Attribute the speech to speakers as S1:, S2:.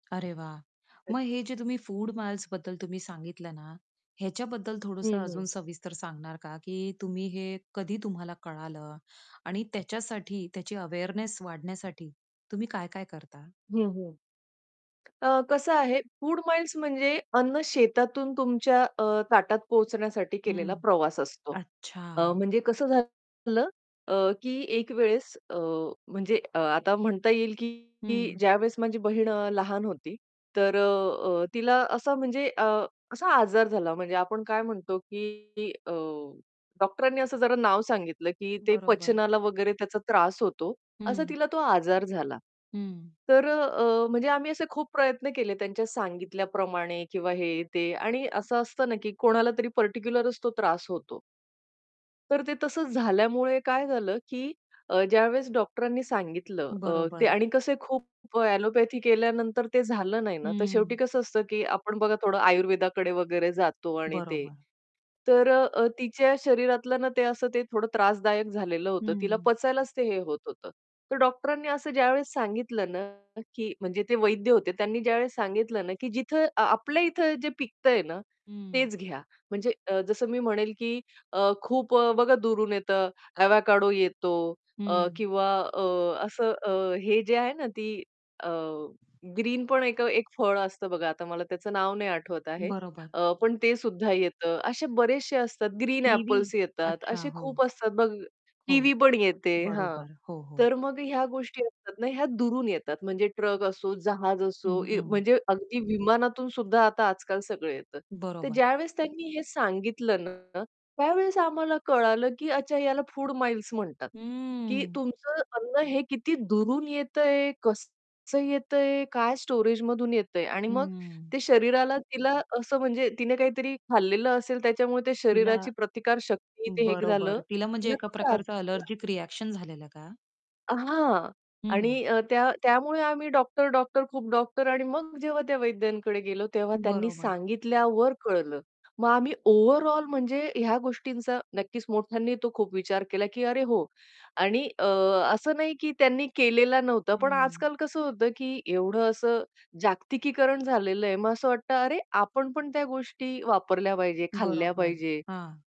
S1: अरे वाह!
S2: अ
S1: मग हे जे तुम्ही फूड माइल्सबद्दल तुम्ही सांगितलं ना, ह्याच्याबद्दल
S2: हं,
S1: थोडंसं
S2: हं.
S1: अजून सविस्तर सांगणार का, की तुम्ही हे कधी तुम्हाला कळालं आणि त्याच्यासाठी त्याची अवेअरनेस वाढण्यासाठी तुम्ही काय-काय करता?
S2: हं, हं. अ, कसं आहे फूड माईल्स म्हणजे अन्न शेतातून तुमच्या अ, ताटात पोहोचण्यासाठी
S1: हं.
S2: केलेला प्रवास असतो. अ,
S1: अच्छा.
S2: म्हणजे कसं झालेलं अ, की एक वेळेस अ, म्हणजे आता म्हणता येईल की
S1: हं.
S2: ज्यावेळेस माझी बहीण अ, लहान होती, तर अ, अ, तिला असा म्हणजे अ, असा आजार झाला म्हणजे आपण काय म्हणतो की अ, डॉक्टरांनी असं जरा नाव सांगितलं, की ते
S1: बरोबर.
S2: पचनाला वगैरे त्याचा त्रास होतो, असा
S1: हं.
S2: तिला तो आजार झाला.
S1: हं.
S2: तर अ, अ, म्हणजे आम्ही असे खूप प्रयत्न केले त्यांच्या सांगितल्याप्रमाणे किंवा हे, ते. आणि असं असतं ना, की कोणाला तरी पार्टिक्युलरच तो त्रास होतो. तर ते तसंच झाल्यामुळे काय झालं की अ, ज्यावेळेस डॉक्टरांनी सांगितलं अ, ते
S1: बरोबर.
S2: आणि कसे खूप ॲलोपॅथी केल्यानंतर ते झालं नाही ना, तर शेवटी
S1: हं.
S2: कसं असतं की आपण बघा थोडं आयुर्वेदाकडे वगैरे जातो आणि ते.
S1: बरोबर.
S2: तर अ, अ, तिच्या शरीरातलं ना ते असं ते थोडं त्रासदायक झालेलं होतं. तिला
S1: हं.
S2: पचायलाच ते हे होत होतं. तर डॉक्टरांनी असं ज्यावेळेस सांगितलं ना, की म्हणजे ते वैद्य होते त्यांनी ज्यावेळेस सांगितलं ना, की जिथे आ आपल्या इथे जे पिकतंय ना,
S1: हं.
S2: तेच घ्या. म्हणजे अ, जसं मी म्हणेल की अ, खूप अ, बघा दूरून येतं, अवॅकाडो येतो अ,
S1: हं.
S2: किंवा अ, असं अ, हे जे आहे ना ती अ, ग्रीन पण एक अ, एक फळ असतं बघा, आता मला त्याचं नाव नाही आठवत आहे.
S1: बरोबर.
S2: अ, पण ते सुद्धा येतं. असे बरेचशे असतात. Green
S1: kiwi?
S2: एपल्स येतात,
S1: अच्छा
S2: असे खूप
S1: हो.
S2: असतात बघ
S1: हो,
S2: किवी पण येते. हां,
S1: बरोबर. हो, हो.
S2: तर मग ह्या गोष्टी असतात ना, ह्या दुरून येतात म्हणजे ट्रक असो, जहाज
S1: हं,
S2: असो, इ
S1: हं.
S2: म्हणजे अगदी विमानातून सुद्धा आता आजकाल सगळं येतं. तर
S1: बरोबर.
S2: ज्यावेळेस त्यांनी हे सांगितलं ना, त्यावेळेस आम्हाला कळालं, की अच्छा याला फूड माईल्स म्हणतात. की
S1: हम्म.
S2: तुमचं अन्न हे किती दुरून येतंय, कसं येतंय, काय स्टोरेजमधून येतंय आणि मग
S1: हम्म.
S2: ते शरीराला तिला असं म्हणजे तिने काहीतरी खाल्लेलं असेल, त्याच्यामुळे ते
S1: तिला
S2: शरीराची प्रतिकार शक्ती ते हे झालं,
S1: बरोबर, तिला म्हणजे
S2: तिला
S1: एका
S2: तो त्रास
S1: प्रकारचं
S2: झाला.
S1: ॲलर्जिक रिएक्शन झालेलं का?
S2: हां.
S1: हं.
S2: आणि अ, त्या त्यामुळे आम्ही डॉक्टर-डॉक्टर, खूप डॉक्टर आणि मग जेव्हा त्या वैद्यांकडे गेलो, तेव्हा त्यांनी
S1: बरोबर.
S2: सांगितल्यावर कळलं. मग आम्ही ओव्हरऑल म्हणजे ह्या गोष्टींचा नक्कीच मोठ्यांनी तो खूप विचार केला, की "अरे हो." आणि अ, असं नाही की त्यांनी केलेला नव्हता, पण
S1: हम्म.
S2: आजकाल कसं होतं, की एवढं असं जागतिकीकरण झालेलं आहे मग असं वाटतं, "अरे आपण पण त्या गोष्टी वापरल्या पाहिजे, खाल्ल्या
S1: बरोबर.
S2: पाहिजे."
S1: हां.